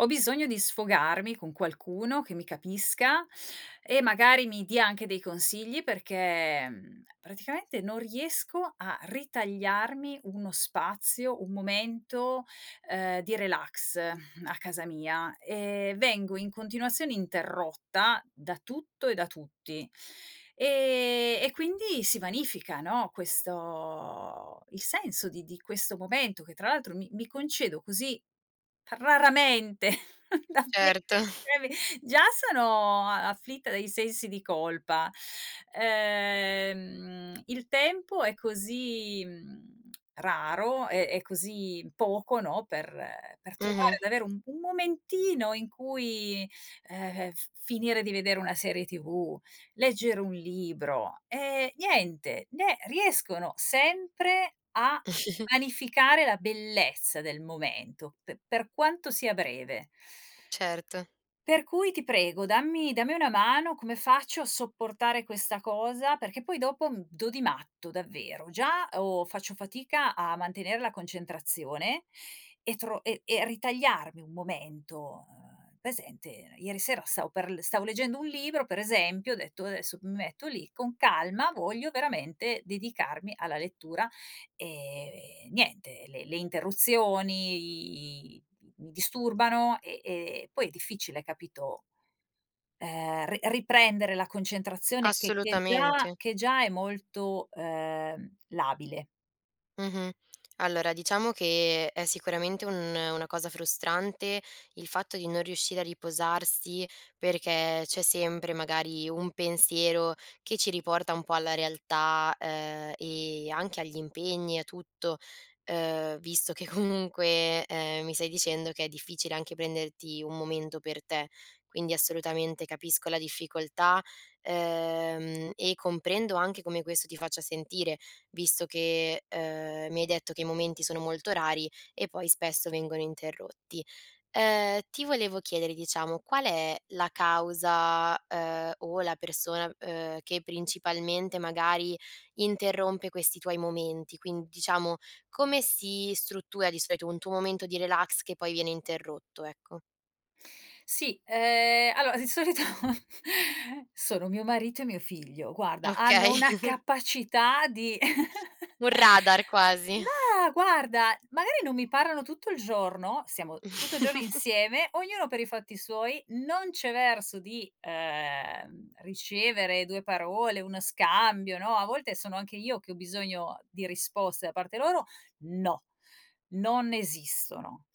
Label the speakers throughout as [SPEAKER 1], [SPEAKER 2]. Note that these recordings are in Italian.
[SPEAKER 1] Ho bisogno di sfogarmi con qualcuno che mi capisca e, magari, mi dia anche dei consigli, perché mhmm, praticamente, non riesco a ritagliarmi uno spazio, un momento, ehm, di relax a casa mia, e vengo in continuazione interrotta da tutto e da tutti, e e quindi si vanifica, no, questo il senso di di questo momento, che tra l'altro mi mi concedo così p raramente. [unintelligible]
[SPEAKER 2] Certo.
[SPEAKER 1] Già sono a afflitta dai sensi di colpa, ehm, il tempo è così, mhmm, raro e e così poco, no, per per trovare
[SPEAKER 2] Mh-mh.
[SPEAKER 1] ad avere un un momentino in cui, ehm, f finire di vedere una serie tv, leggere un libro, e niente, ne riescono sempre a vanificare la bellezza del momento, p per quanto sia breve.
[SPEAKER 2] Certo.
[SPEAKER 1] Per cui, ti prego, dammi dammi una mano, come faccio a sopportare questa cosa? Perché poi, dopo, mhmm, do di matto, davvero. Già o faccio fatica a mantenere la concentrazione, e tro e e ritagliarmi un momento, uhm, presente, ieri sera stavo per l stavo leggendo un libro, per esempio, ho detto: "Adesso m metto lì, con calma, voglio veramente dedicarmi alla lettura". Ehm, niente, le le interruzioni, i mi disturbano, e e poi è difficile, capito, ehm, ri riprendere la concentrazione che che già
[SPEAKER 2] Assolutamente.
[SPEAKER 1] che già è molto, ehm, labile.
[SPEAKER 2] Mh-mh. Allora diciamo che, è sicuramente un una cosa frustrante il fatto di non riuscire a riposarsi, perché c'è sempre, magari, un pensiero, che ci riporta un po' alla realtà, uhm, e anche agli impegni, a tutto, uhm, visto che comunque, ehm, mi stai dicendo che è difficile anche prenderti un momento per te. Quindi, assolutamente, capisco la difficoltà, ehm, e comprendo anche come questo ti faccia sentire, visto che, ehm, mi hai detto che i momenti sono molto rari, e poi spesso vengono interrotti. Uhm, ti volevo chiedere, diciamo, qual è la causa, uhm, o la persona, uhm, che principalmente, magari, interrompe questi tuoi momenti? Quin diciamo, come si struttura, di solito, un tuo momento di relax che poi viene interrotto, ecco?
[SPEAKER 1] Sì, ehm, allora, di solito sono mio marito e mio figlio. Guarda, hanno
[SPEAKER 2] Okay.
[SPEAKER 1] una capacità di
[SPEAKER 2] Un radar quasi.
[SPEAKER 1] mah, guarda, magari non mi parlano tutto il giorno, siamo tutto il giorno insieme, ognuno per i fatti suoi, non c'è verso di, ehm, ricevere 2 parole, uno scambio, no, a volte sono anche io che ho bisogno di risposte da parte loro, no, non esistono.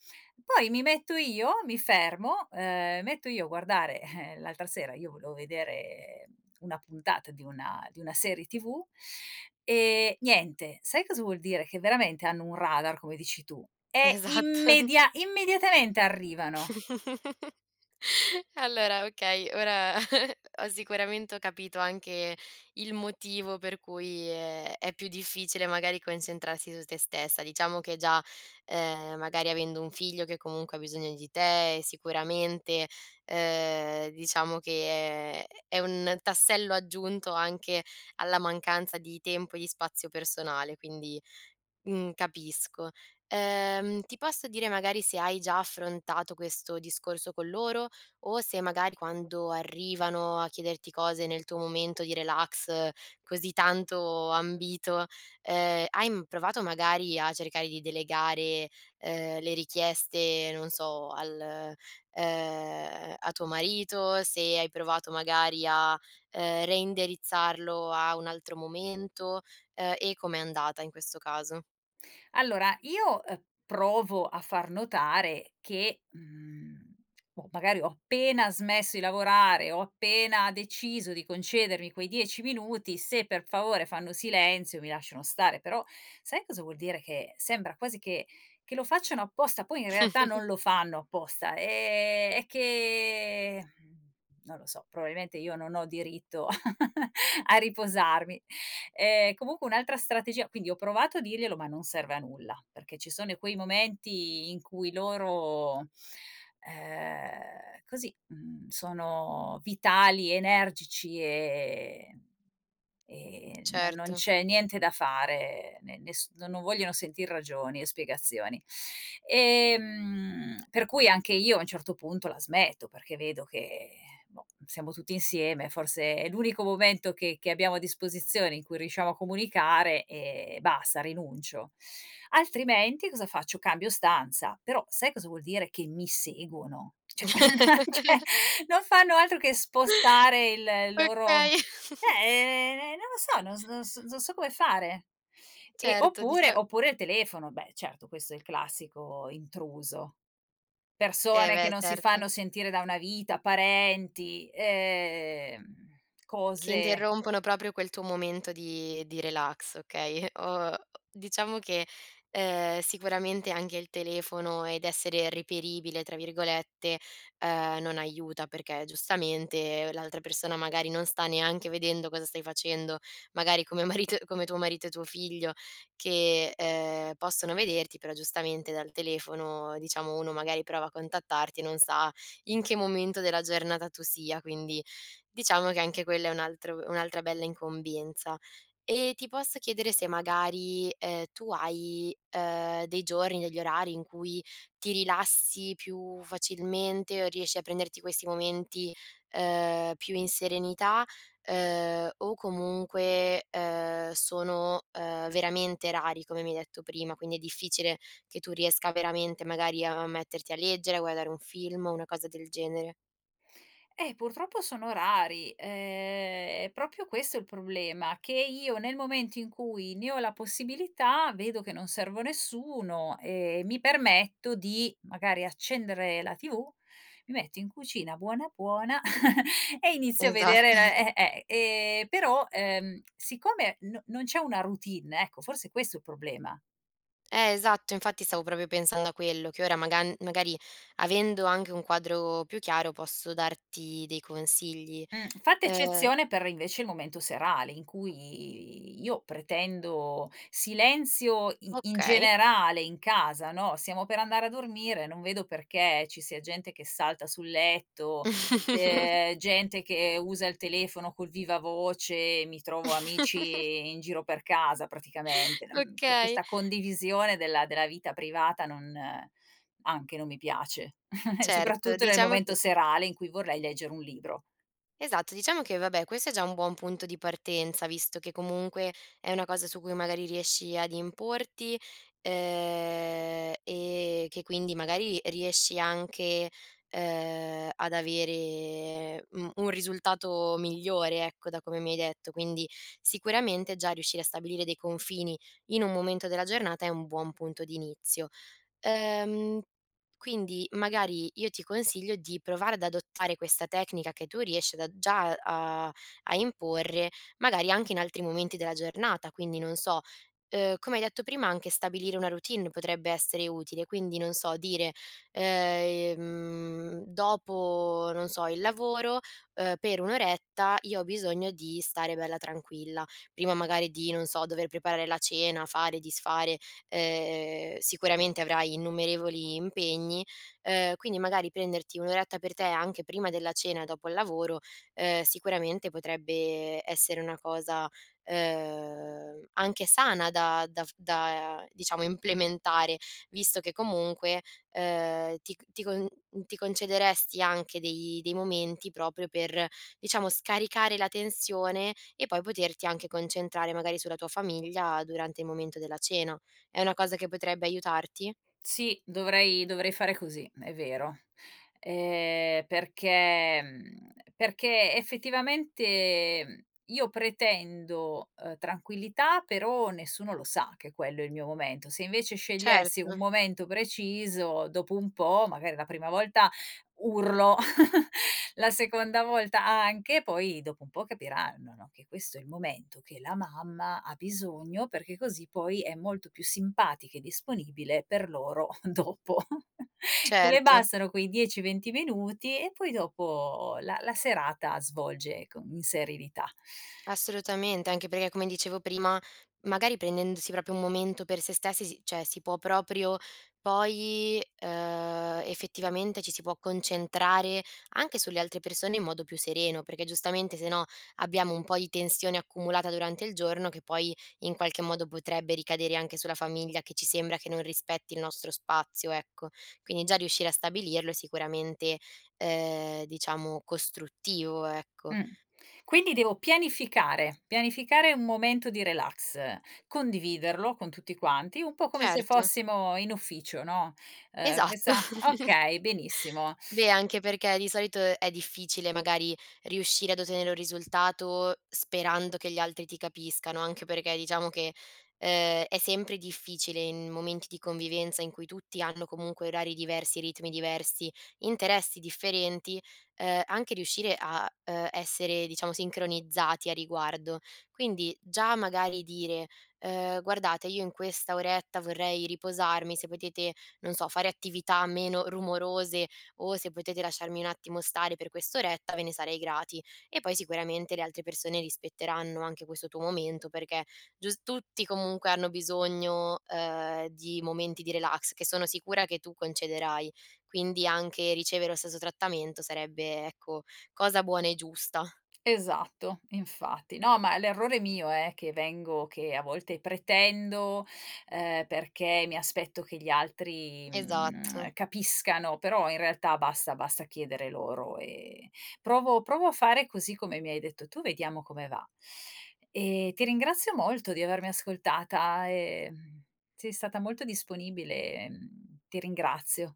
[SPEAKER 1] Poi mi metto io, mi fermo, ehm, metto io a guardare l'altra sera io volevo vedere una puntata di una di una serie tv, e niente. Sai cosa vuol dire? Che veramente hanno un radar, come dici tu, e
[SPEAKER 2] Esatto.
[SPEAKER 1] immedia immediatamente arrivano.
[SPEAKER 2] Allora, okay, ora ho sicuramente ho capito anche il motivo per cui è è più difficile, magari, concentrarsi su te stessa. Diciamo che già, ehm, magari, avendo un figlio che comunque ha bisogno di te, sicuramente, ehm diciamo che è è un tassello aggiunto anche alla mancanza di tempo e di spazio personale, quindi, mhmm, capisco. Ehm, ti posso dire, magari, se hai già affrontato questo discorso con loro o se magari quando arrivano a chiederti cose nel tuo momento di relax, così tanto ambito, ehm, hai m provato magari a cercare di delegare, ehm, le richieste, non so, al, ehm a tuo marito? Se hai provato magari, a ehm, reindirizzarlo a un altro momento? Ehm, e com'è andata in questo caso?
[SPEAKER 1] Allora, io, ehm, provo a far notare che, mhmm o magari ho appena smesso i lavorare, ho appena deciso di concedermi quei 10 minuti, se per favore fanno silenzio, mi lasciano stare. Però sai cosa vuol dire che sembra quasi che che lo facciano apposta? Poi in realtà non lo fanno apposta è è che mhmm, non lo so, probabilmente io non ho diritto a riposarmi. Ehm, comunque un'altra strategia quindi ho provato a dirglielo ma non serve a nulla, perché ci sono quei momenti in cui loro, ehm così, mhmm, sono vitali, energici e e no non
[SPEAKER 2] Certo.
[SPEAKER 1] c'è niente da fare. Ne nes no non vogliono sentir ragioni e spiegazioni. Ehm, per cui anche io a un certo punto la smetto, perché vedo che boh, siamo tutti insieme, forse è l'unico momento che che abbiamo a disposizione in cui riusciamo a comunicare, e basta, rinuncio. Altrimenti, cosa faccio, cambio stanza. Però, sai cosa vuol dire che mi seguono? Cioè, ma, cioè, non fanno altro che spostare il loro
[SPEAKER 2] Okay.
[SPEAKER 1] eh, non lo so, non s non s non so come fare. E
[SPEAKER 2] Certo,
[SPEAKER 1] oppure
[SPEAKER 2] dicia
[SPEAKER 1] oppure il telefono. Beh, certo, questo è il classico intruso.
[SPEAKER 2] Eh,
[SPEAKER 1] Persone che
[SPEAKER 2] beh,
[SPEAKER 1] non si
[SPEAKER 2] certo.
[SPEAKER 1] fanno sentire da una vita, parenti, ehm,
[SPEAKER 2] Che
[SPEAKER 1] cose
[SPEAKER 2] interrompono proprio quel tuo momento di di relax, okay. Ho diciamo che, ehm, sicuramente anche il telefono ed essere reperibile, tra virgolette, uhm, non aiuta perché, giustamente, l'altra persona, magari, non sta neanche vedendo cosa stai facendo. Magari come marito come tuo marito e tuo figlio, che, ehm, possono vederti, però giustamente dal telefono, diciamo, uno magari prova a contattarti e non sa in che momento della giornata tu sia. Quindi, diciamo che anche quella è un altro un'altra bella incombenza. E ti posso chiedere se magari, ehm, tu hai, uhm, dei giorni, degli orari, in cui ti rilassi più facilmente, o riesci a prenderti questi momenti, ehm, più in serenità? Ehm, o comunque, ehm, sono, ehm, veramente rari, come mi hai detto prima, quindi è difficile che tu riesca veramente, magari, a metterti a leggere, a guardare un film, una cosa del genere?
[SPEAKER 1] Eh, purtroppo sono rari! Ehm, è proprio questo il problema, che io, nel momento in cui ne ho la possibilità, vedo che non servo a nessuno, ehm, mi permetto di, magari, accendere la tv, mi metto in cucina buona, buona, e inizio a
[SPEAKER 2] Esatt
[SPEAKER 1] vedere l e e e però, ehm, siccome n non c'è una routine, ecco, forse è questo il problema.
[SPEAKER 2] Eh, esatto, infatti stavo proprio pensando a quello, che ora magan magari, avendo anche un quadro più chiaro, posso darti dei consigli.
[SPEAKER 1] Mh, fatta
[SPEAKER 2] Ehm
[SPEAKER 1] eccezione per, invece, il momento serale, in cui io pretendo silenzio i in
[SPEAKER 2] Okay.
[SPEAKER 1] generale in casa, no? Stiamo per andare a dormire, non vedo perché ci sia gente che salta sul letto, ehm, gente che usa il telefono col vivavoce, mi trovo amici in giro per casa, praticamente. Mhmm cioè,
[SPEAKER 2] Okay.
[SPEAKER 1] questa condivisione della della vita privata non anche, non mi piace.
[SPEAKER 2] Certo,
[SPEAKER 1] Soprattutto nel
[SPEAKER 2] diciamo che
[SPEAKER 1] momento serale, in cui vorrei leggere un libro.
[SPEAKER 2] Esatto, diciamo che, vabbè, questo è già un buon punto di partenza, visto che, comunque, è una cosa su cui magari riesci ad importi, uhm e che quindi, magari, riesci anche, uhm, ad avere, mhmm, un risultato migliore, ecco, da come mi hai detto. Quindi, sicuramente, già riuscire a stabilire dei confini in un momento della giornata è un buon punto di inizio. Uhm, quindi, magari, io ti consiglio di provare ad adottare questa tecnica che tu riesci ad a già a a imporre, magari anche in altri momenti della giornata. Quindi non so, uhm, come hai detto prima anche stabilire una routine potrebbe essere utile, quindi non so, dire, ehm dopo, non so, il lavoro, uhm, per un'oretta io ho bisogno di stare bella tranquilla. Prima magari di, non so, dover preparare la cena, fare, disfare, ehm sicuramente avrai innumerevoli impegni. Ehm, quindi magari, prenderti un'oretta per te anche prima della cena, dopo il lavoro, ehm, sicuramente potrebbe essere una cosa, uhm, anche sana da da f da, diciamo, implementare, visto che comunque, ehm, ti c ti con n ti concederesti anche dei dei momenti proprio per, diciamo, scaricare la tensione e poi poterti anche concentrare, magari, sulla tua famiglia, durante il momento della cena. È una cosa che potrebbe aiutarti?
[SPEAKER 1] Sì, dovrei dovrei fare cosi, m è vero. Ehm, perché, mhmm, perché, effettivamente, mhmm, io pretendo, uhm, tranquillità, però nessuno lo sa che quello è il mio momento. Se invece scegliessi un
[SPEAKER 2] Certo.
[SPEAKER 1] momento preciso, dopo un po', magari la prima volta urlo, la seconda volta anche, poi dopo un po' capiranno, no, che questo è il momento che la mamma ha bisogno, perché così poi è molto più simpatica e disponibile per loro dopo. Le
[SPEAKER 2] Certo.
[SPEAKER 1] bastano quei 10-20 minuti e poi dopo la la serata svolge con in serenità.
[SPEAKER 2] Assolutamente! Anche perché, come dicevo prima, magari prendendosi proprio un momento per se stessi, si cioè si può proprio, poi, ehm, effettivamente, ci si può concentrare anche sulle altre persone in modo più sereno, perché giustamente, se no, abbiamo un po' di tensione accumulata durante il giorno che poi in qualche modo potrebbe ricadere anche sulla famiglia, che ci sembra che non rispetti il nostro spazio, ecco. Quindi, già riuscire a stabilirlo è sicuramente, ehm, diciamo, costruttivo, ecco.
[SPEAKER 1] Mh. Quindi devo pianificare. Pianificare un momento di relax, condividerlo con tutti quanti, un po' come se
[SPEAKER 2] Certo.
[SPEAKER 1] fossimo in ufficio, no? Ehm,
[SPEAKER 2] Esatto.
[SPEAKER 1] questa okay, benissimo.
[SPEAKER 2] Beh, anche perché di solito è difficile, magari, riuscire ad ottenere un risultato sperando che gli altri ti capiscano, anche perché diciamo che, ehm, è sempre difficile in momenti di convivenza, in cui tutti hanno, comunque, orari diversi, ritmi diversi, interessi differenti, ehm, anche riuscire a, ehm, essere, diciamo, sincronizzati a riguardo. Quindi già, magari, dire: "Ehm, guardate, io in questa oretta vorrei riposarmi, se potete, non so, fare attività meno rumorose o se potete lasciarmi un attimo stare per quest'oretta, ve ne sarei grati". E poi sicuramente le altre persone rispetteranno anche questo tuo momento, perché gius tutti, comunque, hanno bisogno, ehm, di momenti di relax che sono sicura che tu concederai. Quindi, anche ricevere lo stesso trattamento sarebbe, ecco, cosa buona e giusta.
[SPEAKER 1] Esatto, infatti. No, ma l'errore è mio eh, che vengo che a volte pretendo, ehm, perché mi aspetto che gli altri,
[SPEAKER 2] Esatto.
[SPEAKER 1] mhmm, capiscano. Però, in realtà, basta basta chiedere loro e provo provo a fare così, come mi hai detto tu, vediamo come va. E ti ringrazio molto di avermi ascoltata e, mhmm, sei stata molto disponibile e, mhmm, ti ringrazio.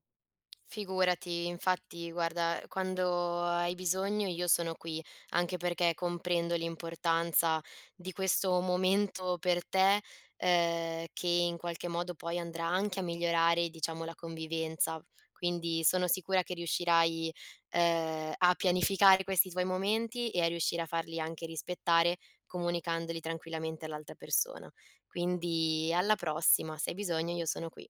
[SPEAKER 2] Figurati. Infatti, guarda, quando hai bisogno io sono qui, anche perché comprendo l'importanza di questo momento per te, ehm, che in qualche modo poi andrà anche a migliorare, diciamo, la convivenza. Quindi sono sicura che riuscirai, ehm, a pianificare questi tuoi momenti e a riuscire a farli anche rispettare, comunicandoli tranquillamente all'altra persona. Quindi alla prossima, se hai bisogno, io sono qui.